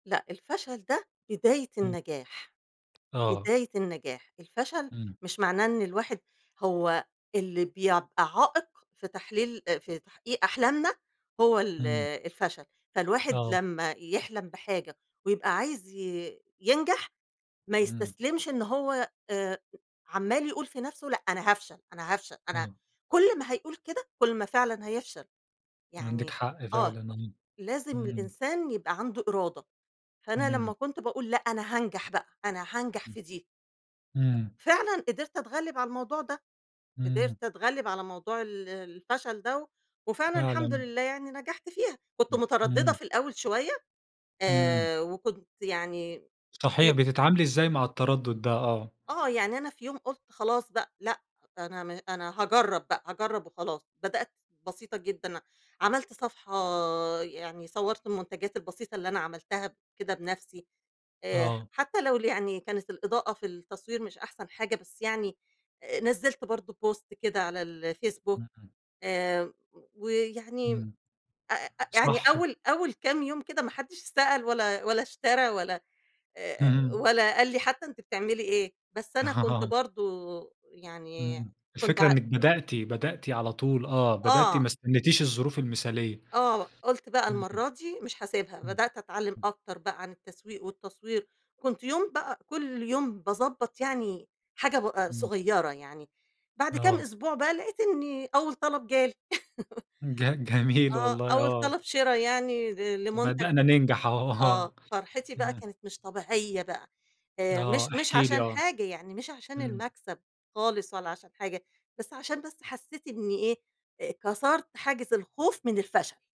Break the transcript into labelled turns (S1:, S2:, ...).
S1: لأ، الفشَل ده بداية
S2: إمم.
S1: النجاح،
S2: آه.
S1: بداية النجاح، الفشل
S2: إمم.
S1: مش معناه إن الواحد هو اللي بيع يبقى عائق في تحليل آآ في تحقيق أحلامنا هو ال
S2: إمم.
S1: الفشَل، فالواحد
S2: آه.
S1: لما يحلَم بحاجة ويبقى عايز ي ينجَح ما
S2: إمم.
S1: يستسلمش إن هو آآ عَمّال يقول في نَفسه، لأ أنا هافشل، أنا هافشل، أنا
S2: آه.
S1: كلّ ما هيقول كده، كلّ ما فعلًا هيفشَل،
S2: عندِك
S1: يعني
S2: حق
S1: آه
S2: فعلًا. آه.
S1: لازم
S2: إمم.
S1: الإنسان يبقى عنده إرادة، فأنا لما
S2: إمم.
S1: كنت باقول لأ أنا هانجَح بقى، أنا هانجَح
S2: إمم
S1: في دي.
S2: أمم.
S1: فعلًاً قدَرت اتغّلب على الموضوع ده،
S2: إمم.
S1: قدَرت اتغلّب على موضوع ال الفشل ده وفعلاً الحمد
S2: فعلًا.
S1: لله يعني نجَحت فيها، كنت
S2: إمم.
S1: متردّدة
S2: إمم.
S1: في الأول شوية
S2: إمم.
S1: آآ، وكنت يعني
S2: صحيح،
S1: في
S2: بتتعاملي إزاي مع التردُّد ده؟ آه.
S1: آه، يعني أنا في يوم قُلت خلاص بقى لأ، أنا م أنا هاجرّب بقى، هاجرّب وخلاص، بدأت بسيطة جدًا، عملت صفحة يعني صوّرت المنتَجات البسيطة اللي أنا عملتها كده بنفسي آآ،
S2: آه.
S1: حتى لو يعني كانت الإضاءة في التصوير مش أحسن حاجة بس يعني آآ نزّلت برضه post كده على الFacebook
S2: إمم.
S1: آآ ويعني
S2: إمم،
S1: [unintelligible] يعني
S2: صح.
S1: أول أول كام يوم كده ما حدّش سأل ولا ولا اشترى ولا آآ
S2: اهم.
S1: ولا قال لي حتى أنتِ بتعملي إيه؟ بس أنا كنت برضه، يعني
S2: إمم،
S1: كنت
S2: الفكرة
S1: ع
S2: إنِك بدأتِ، بدأتِ على طول، آه بدأتِ
S1: آه.
S2: ما استنيتيش الظروف المثالية.
S1: آه، قُلت بقى
S2: اهم. إمم.
S1: المرّة دي مش هاسيبها، بدأت
S2: إمم.
S1: أتعلّم أكتر بقى عن التسويق والتصوير، كنت يوم بقى كلّ يوم باضبّط يعني حاجة ب آآ
S2: إمم.
S1: صغيّرة يعني بعد كام
S2: آه.
S1: أسبوع بقى لقيت إني أول طلب جالي.
S2: ج جميل
S1: آه،
S2: والله،
S1: أول
S2: آه.
S1: طلَب شِرا يعني ل لمنتج
S2: وبدأنا ننجَح أهو آه،
S1: آه، فرْحتي بقى
S2: تمام.
S1: كانت مش طبيعية بقى آآ،
S2: آه
S1: مش مش
S2: احكِ لي،
S1: عشان
S2: آه.
S1: حاجة، يعني مش عشان
S2: إمم.
S1: المكسَب خالص ولا عشان حاجة بس عشان بس حسّيت إني إيه؟ آآ كسَرت حاجز الخوف من الفشل.